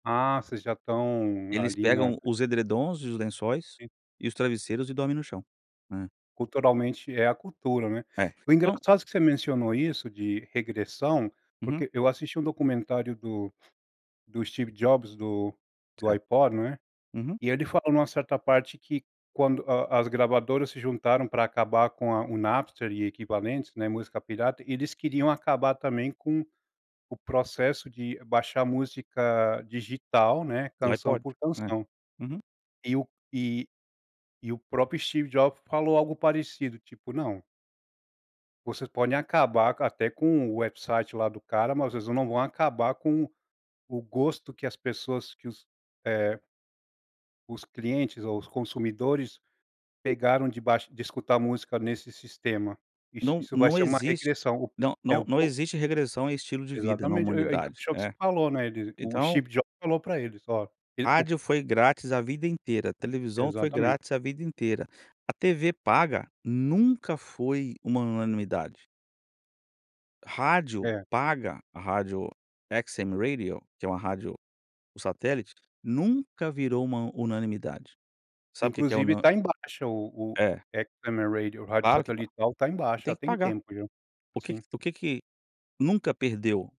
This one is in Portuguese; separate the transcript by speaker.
Speaker 1: Ah, vocês já estão
Speaker 2: Eles
Speaker 1: ali na
Speaker 2: pegam os edredons, e os lençóis, e os travesseiros e dormem no chão. É.
Speaker 1: Culturalmente, é a cultura, né.
Speaker 2: É,
Speaker 1: O
Speaker 2: não
Speaker 1: engraçado que você mencionou isso de regressão,
Speaker 2: Uhum.
Speaker 1: porque eu assisti um documentário do do Steve Jobs do do
Speaker 2: Certo.
Speaker 1: Ipod, né.
Speaker 2: Uhum.
Speaker 1: E ele falou em uma certa parte que quando a as gravadoras se juntaram pra acabar com a o Napster e equivalentes, né, música pirata, eles queriam acabar também com o processo de baixar música digital, né,
Speaker 2: Do
Speaker 1: canção
Speaker 2: iPod.
Speaker 1: por
Speaker 2: É.
Speaker 1: canção.
Speaker 2: Uhum.
Speaker 1: E o e e o próprio Steve Jobs falou algo parecido, tipo, não vocês podem acabar até com o website lá do cara, mas vocês não vão acabar com o gosto que as pessoas que os, eh os clientes ou os consumidores pegaram de baix de escutar música nesse sistema. Isso
Speaker 2: Não
Speaker 1: isso vai
Speaker 2: não
Speaker 1: ser uma
Speaker 2: existe,
Speaker 1: regressão.
Speaker 2: não
Speaker 1: É
Speaker 2: não
Speaker 1: o
Speaker 2: não existe regressão em estilo de vida na
Speaker 1: Exatamente, e e
Speaker 2: humanidade,
Speaker 1: encaixou que você
Speaker 2: é.
Speaker 1: falou ,né, ele o
Speaker 2: Então
Speaker 1: Steve Jobs falou para eles: "Ó". [unintelligible]
Speaker 2: Rádio foi grátis a vida inteira, televisão foi
Speaker 1: Exatamente.
Speaker 2: grátis, a vida inteira, a tv paga nunca foi uma unanimidade. Rádio
Speaker 1: É.
Speaker 2: paga, a rádio XM Radio, que é uma rádio satélite, nunca virou uma unanimidade. Sabe o que que é
Speaker 1: Inclusive,
Speaker 2: una
Speaker 1: tá em baixa o o
Speaker 2: É.
Speaker 1: XM Radio, o rádio
Speaker 2: Claro que tá.
Speaker 1: satélital tá em baixa,
Speaker 2: Tem
Speaker 1: já
Speaker 2: que
Speaker 1: tem
Speaker 2: pagar.
Speaker 1: tempo, já.
Speaker 2: O que que
Speaker 1: Sim.
Speaker 2: o que que nunca perdeu?